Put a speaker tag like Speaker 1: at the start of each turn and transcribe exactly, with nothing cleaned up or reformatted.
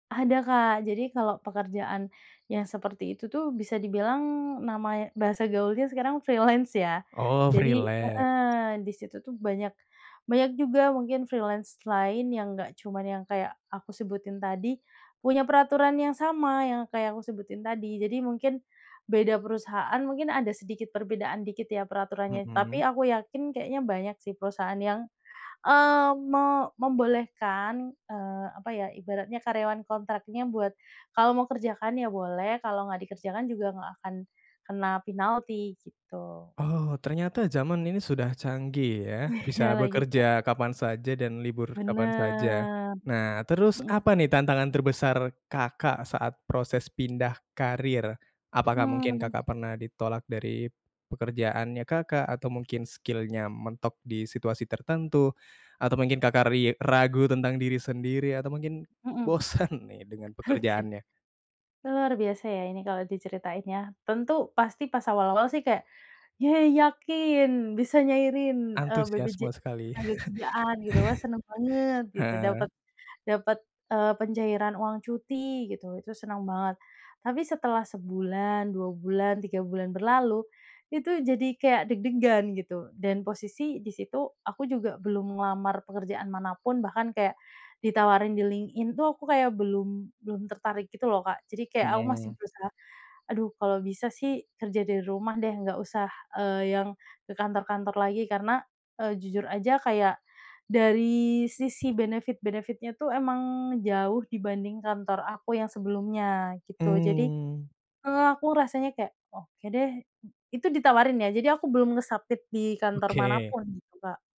Speaker 1: Ada Kak, jadi kalau pekerjaan yang seperti itu tuh, bisa dibilang, nama y bahasa gaulnya sekarang freelance, ya.
Speaker 2: Oh,
Speaker 1: Jadi
Speaker 2: freelance.
Speaker 1: heeh, di situ tuh banyak banyak juga, mungkin, freelance lain yang nggak cuman yang kayak aku sebutin tadi, punya peraturan yang sama, yang kayak aku sebutin tadi. Jadi, mungkin beda perusahaan, mungkin ada sedikit perbedaan dikit, ya, peraturannya. Tapi,
Speaker 2: Mhm.
Speaker 1: aku yakin, kayaknya banyak sih, perusahaan yang, eee, me membolehkan, eee, apa ya, ibaratnya karyawan kontraknya buat kalau mau kerjakan, ya boleh, kalau nggak dikerjakan juga, nggak akan kena pinalti, gitu.
Speaker 2: Oh, ternyata jaman ini sudah canggih, ya.
Speaker 1: Iya
Speaker 2: Bisa
Speaker 1: lagi, Kak.
Speaker 2: bekerja kapan saja dan libur kapan saja.
Speaker 1: Bener.
Speaker 2: Nah, terus,
Speaker 1: Mhm.
Speaker 2: apa nih, tantangan terbesar Kakak saat proses pindah karier? Apakah mungkin
Speaker 1: Mmm.
Speaker 2: Kakak pernah ditolak dari pekerjaannya Kakak, atau mungkin skill-nya mentok di situasi tertentu, atau mungkin Kakak ri ragu tentang diri sendiri, atau mungkin
Speaker 1: Mhm.
Speaker 2: bosan nih, dengan
Speaker 1: Oke.
Speaker 2: pekerjaannya?
Speaker 1: Luar biasa ya, ini kalau diceritain, ya. Tentu, pasti pas awal-awal sih, kayak, "Yayy, yakin bisa nyairin, eee, BPJ
Speaker 2: Antusiasme sekali.
Speaker 1: tenagakerjaan," gitu. "Wah, seneng banget," gitu,
Speaker 2: Heeh.
Speaker 1: "dapet, dapet, eee, pencairan uang cuti," gitu, itu senang banget. Tapi setelah sebulan, dua bulan, tiga bulan berlalu, itu jadi kayak deg-degan, gitu. Dan posisi, di situ, aku juga belum ngelamar pekerjaan mana pun, bahkan kayak ditawarin di LinkedIn tuh aku kayak belum, belum tertarik gitu, lo, Kak. Jadi, kayak aku masih
Speaker 2: Mhm.
Speaker 1: berusaha, "Aduh, kalau bisa sih, kerja dari rumah, deh. Nggak usah, eee, yang ke kantor-kantor lagi." Karena, eee, jujur aja, kayak dari sisi benefit-benefit-nya tuh, emang jauh dibanding kantor aku yang sebelumnya, gitu. Jadi,
Speaker 2: Mmm.
Speaker 1: eee, aku rasanya kayak, "Oke, deh." Itu ditawarin, ya, jadi aku belum nge-submit di kantor mana
Speaker 2: Oke.
Speaker 1: pun, gitu, Kak.